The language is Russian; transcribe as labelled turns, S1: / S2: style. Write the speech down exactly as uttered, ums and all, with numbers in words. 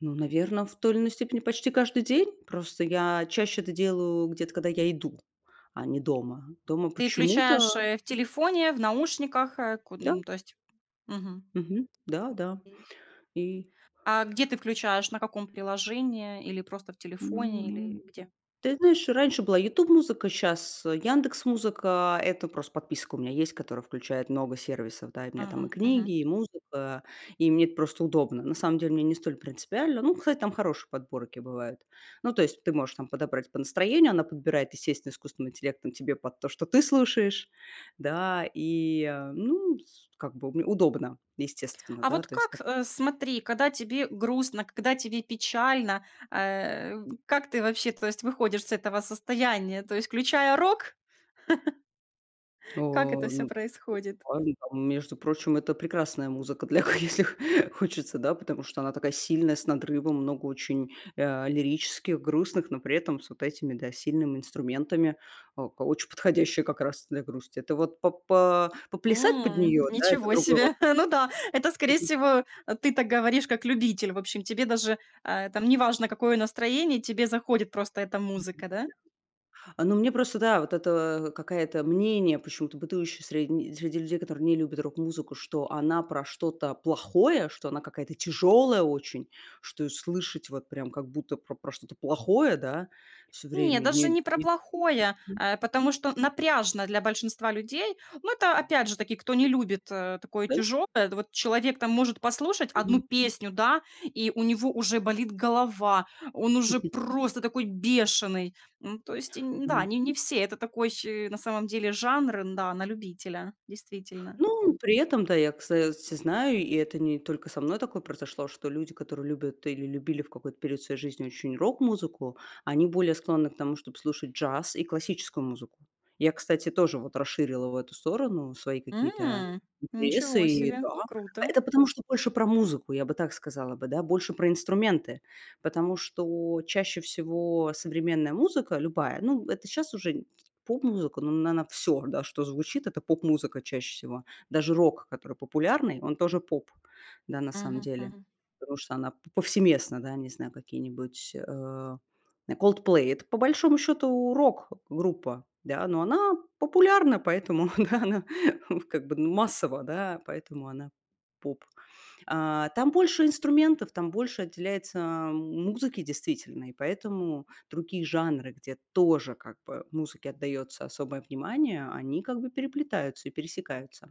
S1: Ну, наверное, в той или иной степени почти каждый день. Просто я чаще это делаю где-то, когда я иду, а не дома. Дома
S2: Ты
S1: почему-то
S2: включаешь, э, в телефоне, в наушниках, э,
S1: Да.
S2: куда-н то есть. Мгм..
S1: Мгм, да-да,
S2: [unintelligible]
S1: и
S2: А гуде ты включаешь, на каком приложении, или просто в телефоне, или
S1: М,
S2: где?
S1: ты знаешь, раньше была "Ютуб-музыка", сейчас, а, "Яндекс-музыка". Это просто подписка у меня есть, которая включает много сервисов, да. И у меня там и
S2: Ага, мгм.
S1: книги, и музыка, и мне это просто удобно. На самом деле мне не столь принципиально. Ну, кстати, там хорошие подборки бывают. Ну, то есть ты можешь там подобрать по настроению, она подбирает, естественно, искусственным интеллектом тебе под то, что ты слушаешь. Да, и, э, ну, с как бы, уб удобно, естественно,
S2: А
S1: да,
S2: вот
S1: то есть там.
S2: как, э, смотри, когда тебе грустно, когда тебе печально, э, как ты вообще, то есть, выходишь с этого состояния, то есть, включая рок? Как это
S1: О,
S2: всё
S1: ну,.
S2: происходит?
S1: [unintelligible] Между прочим, это прекрасная музыка для, [unintelligible] если хочется, да, потому что она такая сильная, с надрывом, много очень, а, лирических, грустных, но при этом с вот этими, да, сильными инструментами, а, ка очень подходящая как раз для грусти. Это вот по по поплясать под
S2: М,
S1: нее, да, это
S2: ничего
S1: другой вот
S2: себе. Ну да, это,
S1: вопрос.
S2: скорее
S1: Мгм.
S2: всего, ты так говоришь как любитель. В общем, тебе даже, э, там неважно, какое настроение, тебе заходит просто эта
S1: Мгм,
S2: музыка, да?
S1: да. А, ну, мне просто, да, вот это, а, какое-то мнение, почему-то бытующее средни среди людей, которые не любят рок-музыку, что она про что-то плохое, что она какая-то тяжёлая очень, что её слышать вот прям как будто про про что-то плохое, да, всё
S2: Нет,
S1: время,
S2: даже
S1: не
S2: не про
S1: не.
S2: плохое,
S1: Мгм.
S2: э, потому
S1: М.
S2: что напряжно для большинства людей. Ну, это, опять же таки, кто не любит, э, такое
S1: Да.
S2: тяжёлое. Да вот человек там может послушать одну
S1: Мгм.
S2: песню, да, и у него уже болит голова, он уже просто такой бешеный. Ну, то есть, нь да,
S1: Мгм.
S2: не не все, это такой, э, на самом деле жанр, да, на любителя, действительно.
S1: Ну, при этом да, я, кстати, знаю, и это не только со мной такое произошло, что люди, которые любят или любили в какой-то период своей жизни очень рок-музыку, они более склонны к тому, чтобы слушать джаз и классическую музыку. Я, кстати, тоже вот расширила в эту сторону свои какие-то
S2: М,
S1: интересы,
S2: ничего
S1: и
S2: себе,
S1: да. А
S2: круто.
S1: это потому что больше про музыку, я бы так сказала бы, больше про инструменты. Потому что чаще всего современная музыка любая, ну, это сейчас уже поп-музыка, ну, она, наверно, всё, да, что звучит, это поп-музыка чаще всего. Даже рок, который популярный, он тоже поп, да, на самом
S2: Мгм,
S1: деле,
S2: мгм.
S1: потому что она п повсеместно, да, не знаю, какие-нибудь, э, м, "Coldplay". Это по большому счёту рок-группа, да, но она популярна, поэтому да она как бы ну массово, да, поэтому она поп. А там больше инструментов, там больше отделяется музыке, действительно. И поэтому другие жанры, где тоже как бы музыке отдаётся особое внимание, они как бы переплетаются и пересекаются.